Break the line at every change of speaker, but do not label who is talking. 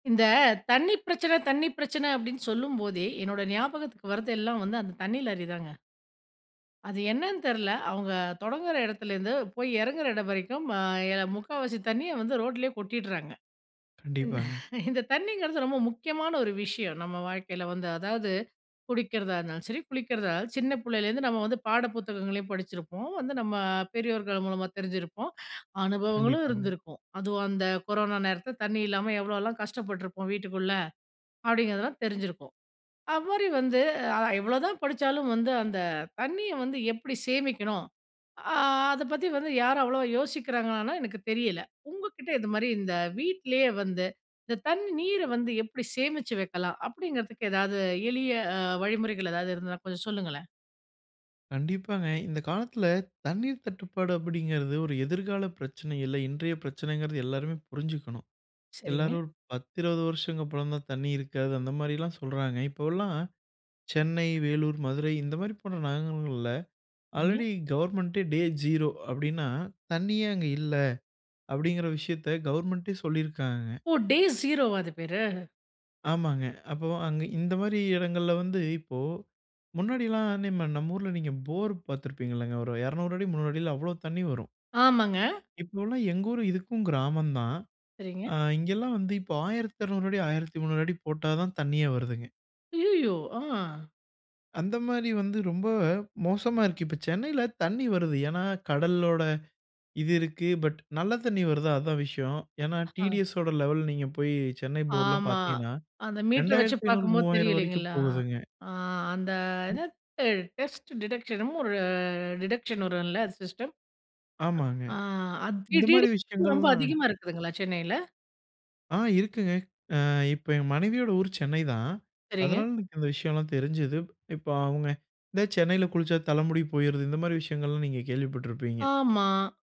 இந்த "தண்ணீ பிரச்சனை தண்ணீ பிரச்சனை," அப்பிடின்னு சொல்லும்போதே, என்னோட ஞாபகத்துக்கு வர்றது எல்லாம் வந்து அந்த தண்ணீ லாரி தாங்க. அது என்னன்னு தெர்ல. அவுங்க தொடங்குற இடத்துலேருந்து போய் இறங்குற இடம் வரைக்கும் ஆ எ 3/4 தண்ணீய வந்து ரோட் லயே கொட்டிடுறாங்க. இந்
கண்டிப்பாங்க.
இந்த தண்ணீங்கிறது ரொம்ப முக்கியமான ஒரு விஷயம் நம்ம வாழ்க்கையில வந்து அதாவது, குடிக்கிறதா இருந்தாலும், சரி குளிக்கிறதா இருந்தாலும் சின்ன புள்ளைலேருந்து நம்ம வந்து பாட புத்தகங்களையும் படிச்சிருப்போம், வந்து நம்ம பெரியோர்கள் மூலமா தெரிஞ்சிருப்போம். அனுபவங்களும்
கண்டிப்பாங்க.
இருந்திருக்கும். அதுவும் அந்த கொரோனா நேரத்தில தண்ணீ இல்லாம எவ்வளோலாம் கஷ்டப்பட்டுருப்போம் வீட்டுக்குள்ள, அப்பிடிங்கிறதெல்லாம் தெரிஞ்சிருக்கும். அப்படி வந்து அ எவ்ளோதான் படிச்சாலும் வந்து அந்த தண்ணீய வந்து எப்பிடி சேமிக்கணும். ஆ அத பத்தி வந்து யாரும் அவ்ளோவா யோசிக்கிறாங்லான்னா எனக்கு தெரியல. உங்க கிட்ட இதுமாரி இந்த வீட்லயே வந்து இந்த தண்ணீ நீர வந்து எப்பிடி சேமிச்சு வைக்கலாம் அப்பிடிங்கிறதுக்கு எதாவது எளிய அ வழிமுறைகள் எதாவது இருந்தா கொஞ்சம் சொல்லுங்களேன்!
கண்டிப்பாங்க. இந்த காலத்தில தண்ணீர் தட்டுப்பாடு அப்பிடிங்கிறது ஒரு எதிர்கால பிரச்சனை இல்ல, இன்றைய பிரச்சனைங்கிறது எல்லாருமே புரிஞ்சுக்கணும்.
சரிங்க.
எல்லாரும் "ஒரு 10, 20 வருஷங்கள் அப்பறந்தான் தண்ணி இருக்காது." அந்த மாரிலாம் சொல்றாங்க. இப்பவுல்லாம் சென்னை, வேலூர், மதுரை இந்தமாரி போன நகரங்கள்ல
[unintelligible]
ஆல்ரெடி கவர்மெண்ட்டே "டே ஜீரோ" அப்டின்னா தண்ணீ ஏன் அங்க இல்ல? அப்பிடிங்கிற விஷயத்த கவர்மெண்ட்டே சொல்லியிருக்காங்க.
ஓ! டே ஸீரோ வா அது பேரு?
ஆமாங்க. அப்போ அங்க இந்தமாரி இடங்கள்ல வந்து இப்போ முன்னாடிலாம் [unintelligible] நம்ம ஊர்ல நீங்க போர் பார்த்துருப்பீங்கல்லங்க ஒரு 200 அடி 300 அடியில அவ்ளோ தண்ணி வரும்.
ஆமாங்க.
இப்பவுலாம் எங்க ஊரு இதுக்கும் கிராமம் தான்.
சரிங்க.
அ இங்கேலாம் வந்து இப்போ 1200 அடி 1300 அடி போட்டா தான் தண்ணீயே வருதுங்க.
அய்யயோ! ஆ.
அந்தமாரி வந்து ரொம்ப மோசமா இருக்கு. இப்ப சென்னையில தண்ணீர் வருது. ஏனா, கடலோட இது இருக்கு பட் நல்ல தண்ணீ வருதா? அதுதான் விஷயம். ஏனா,
ஆ.
டிடிஎஸ் ஓட லெவல் நீங்க போய் சென்னை போர்லாம்
ஆமா.
பார்த்தீங்கன்னா,
அந்த மீட்டர் வச்சு
ரூ.2500
பார்க்கும்போது தெரியும்
ரூ.3,000 வரைக்கும்
இல்லேங்களா!
போகுதுங்க.
ஆ அந்த [unintelligible]
ம்.
என்ன டெஸ்ட் டிடெக்ஷனும் என்னமோ ஒரு டிடெக்ஷன் வரும்ல அது சிஸ்டம்?
ஆமாங்க.
ஆ அது டிடி
இந்தமாரி
[unintelligible] ரொம்ப
விஷயங்கள்லாம்
அதிகமா
இருக்கு.
இருக்குதுங்களா சென்னையில?
ஆ இருக்குங்க. அ இப்ப என் மனைவியோட ஊர் சென்னை தான்.
சரிங்க.
அதனால எனக்கு இந்த விஷயம்லாம் தெரிஞ்சுது. இப்போ அவுங்க இந்த சென்னையில குளிச்சா தலைமுடி போயிருது. இந்தமாரி விஷயங்கள்லாம் நீங்க கேள்விப்பட்டிருப்பீங்க?
ஆமா.